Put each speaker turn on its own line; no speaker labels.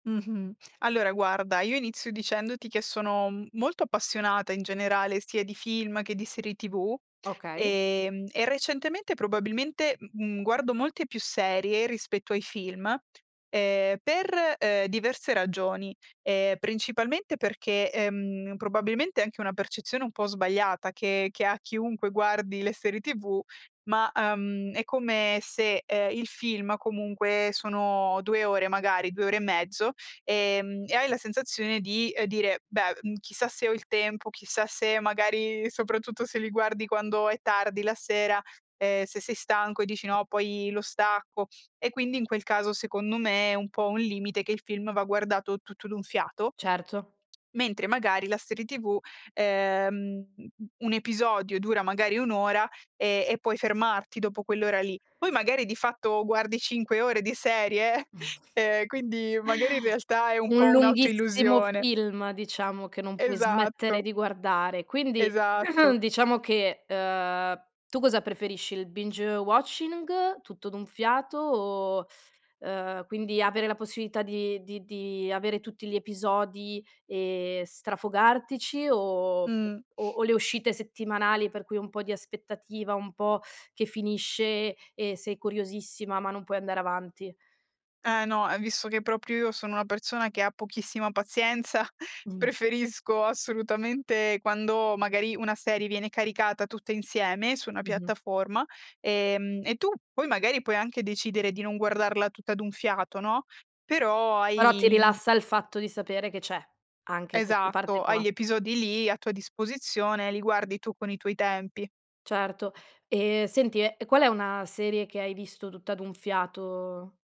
Mh-mh. Allora guarda, io inizio dicendoti che sono molto appassionata, in generale, sia di film che di serie TV,
Okay.
ehm, e recentemente probabilmente, mhmm, mhmm, guardo molte più serie rispetto ai film, ehm, per, ehm, diverse ragioni. Ehm, principalmente perché, ehm, probabilmente è anche una percezione un po' sbagliata che che ha chiunque guardi le serie TV, ma, uhm, è come se, ehm, il film comunque sono 2 ore magari, 2 ore e mezzo, ehm, e hai la sensazione di, ehm, dire: "Beh, mhmm, chissà se ho il tempo, chissà se" magari soprattutto se li guardi quando è tardi la sera, ehm, se sei stanco e dici: "No, poi lo stacco." E quindi in quel caso, secondo me, è un po' un limite che il film va guardato tutto d'un fiato,
Certo.
mentre magari la serie tv, ehm, uhm, mhmm, un episodio dura magari 1 ora, ehm, e puoi fermarti dopo quell'ora lì. Poi magari di fatto guardi 5 ore di serie, ehm, quindi magari in realtà è un
Un
po' un'auto
lunghissimo
illusione.
film, diciamo, che non puoi smettere
Esatto.
di guardare. Quindi
Esatto.
diciamo che, uhm, tu cosa preferisci? Il binge watching, tutto d'un fiato o uhm, quindi avere la possibilità di di di avere tutti gli episodi e strafogartici, o
Mh.
o le uscite settimanali, per cui un po' di aspettativa, un po' che finisce e sei curiosissima, ma non puoi andare avanti?
Eh, no, e visto che proprio io sono una persona che ha pochissima pazienza,
Mh.
preferisco assolutamente quando magari una serie viene caricata tutta insieme su una
Mh-mh.
piattaforma, ehm, e tu poi magari puoi anche decidere di non guardarla tutta d'un fiato, no, però
Però ti
hai il
rilassa il fatto di sapere che c'è anche queste parte
Esatto, hai
qua.
gli episodi lì a tua disposizione, li guardi tu con i tuoi tempi.
Certo. Eh, senti, ehm, qual è una serie che hai visto tutta d'un fiato?